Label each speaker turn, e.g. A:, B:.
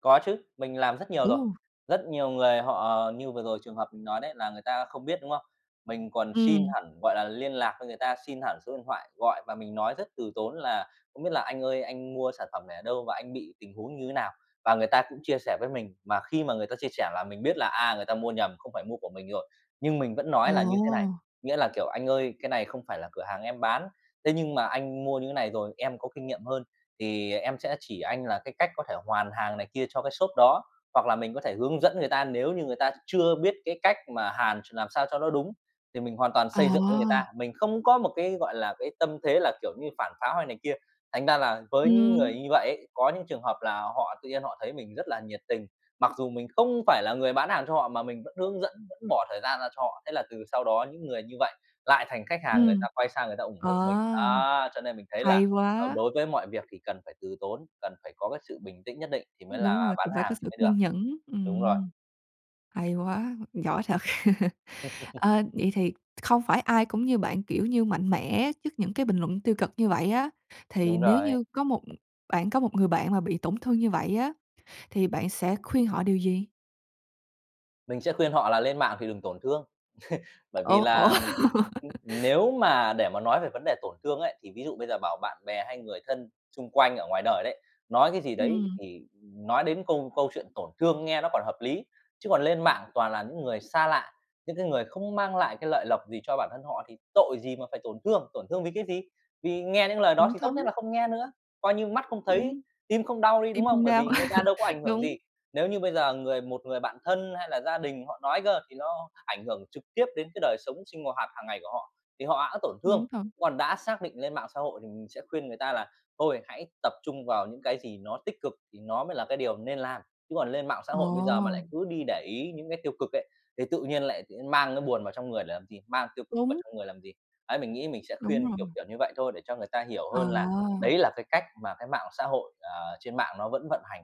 A: Có chứ, mình làm rất nhiều rồi.
B: Ồ!
A: Rất nhiều người họ, như vừa rồi trường hợp mình nói đấy, là người ta không biết, đúng không? Mình còn xin
B: Ừm.
A: hẳn, gọi là, liên lạc với người ta, xin hẳn số điện thoại gọi và mình nói rất từ tốn là "Không biết là anh ơi anh mua sản phẩm này ở đâu, và anh bị tình huống như thế nào?" Và người ta cũng chia sẻ với mình, mà khi mà người ta chia sẻ là mình biết là, à, người ta mua nhầm, không phải mua của mình rồi. Nhưng mình vẫn nói là như thế này,
B: Ồ.
A: nghĩa là, kiểu: "Anh ơi, cái này không phải là cửa hàng em bán. Thế nhưng mà anh mua như thế này rồi, em có kinh nghiệm hơn thì em sẽ chỉ anh là cái cách có thể hoàn hàng này kia cho cái shop đó." Hoặc là mình có thể hướng dẫn người ta nếu như người ta ch chưa biết cái cách mà hàn ch làm sao cho nó đúng thì mình hoàn toàn xây dựng với người
B: À.
A: ta. Mình không có một cái, gọi là, cái tâm thế là, kiểu như, phản pháo hay này kia, thành ra là với những người
B: Ừm.
A: như vậy ấy, có những trường hợp là họ tự nhiên họ thấy mình rất là nhiệt tình, mặc dù mình không phải là người bán hàng cho họ mà mình vẫn hướng dẫn, vẫn bỏ thời gian ra cho họ. Thế là từ sau đó những người như vậy lại thành khách hàng, người
B: Ừm.
A: ta quay sang người ta ủng
B: Ờ.
A: hộ mình. Đó, cho nên mình thấy là,
B: Hay
A: à,
B: quá.
A: đối với mọi việc thì cần phải từ tốn, cần phải có cái sự bình tĩnh nhất định thì mới
B: Ưm, đúng
A: là
B: rồi,
A: bán
B: cũng phải có
A: hàng thì
B: sự
A: mới được.
B: kiên nhẫn,
A: Đúng rồi.
B: ừm. Hay quá, giỏi thật. Ờ, vậy thì không phải ai cũng như bạn, kiểu như, mạnh mẽ trước những cái bình luận tiêu cực như vậy á, thì
A: Đúng
B: nếu
A: rồi.
B: như có một bạn có một người bạn mà bị tổn thương như vậy á thì bạn sẽ khuyên họ điều gì?
A: Mình sẽ khuyên họ là lên mạng thì đừng tổn thương. Bởi vì
B: Ủa, ủa?
A: là, ưm, nếu mà để mà nói về vấn đề tổn thương ấy, thì ví dụ bây giờ bảo bạn bè hay người thân xung quanh ở ngoài đời đấy nói cái gì đấy,
B: Ừm.
A: thì nói đến câu câu chuyện tổn thương nghe nó còn hợp lý. Chứ còn lên mạng toàn là những người xa lạ, những cái người không mang lại cái lợi lộc gì cho bản thân họ thì tội gì mà phải tổn thương, tổn thương vì cái gì? Vì nghe những lời đó
B: Cũng
A: thì tốt nhất
B: thúng.
A: là không nghe nữa, coi như mắt không thấy,
B: Đúng.
A: tim không đau đi,
B: Tim
A: đúng không?
B: không
A: Bởi
B: đau,
A: vì người ta đâu có ảnh hưởng gì.
B: đúng.
A: Nếu như bây giờ người một người bạn thân hay là gia đình mình họ nói cơ, thì nó ảnh hưởng trực tiếp đến cái đời sống sinh ng hoạt hàng ngày của họ, thì họ hẵng tổn
B: Đúng
A: thương,
B: rồi.
A: còn đã xác định lên mạng xã hội thì mình sẽ khuyên người ta là, thôi, hãy tập trung vào những cái gì nó tích cực thì nó mới là cái điều nên làm. Chứ còn lên mạng xã hội bây giờ mà lại
B: Ồ.
A: cứ đi để ý những cái tiêu cực ấy, thì tự nhiên lại tự nhiên mang cái buồn vào trong người để làm gì? Mang tiêu cực vào
B: Đúng.
A: trong người làm gì? Đấy, mình nghĩ mình sẽ
B: Đúng
A: khuyên
B: rồi.
A: kiểu kiểu như vậy thôi để cho người ta hiểu hơn là
B: À.
A: đấy là cái cách mà cái mạng xã hội, ờ, trên mạng nó vẫn vận hành.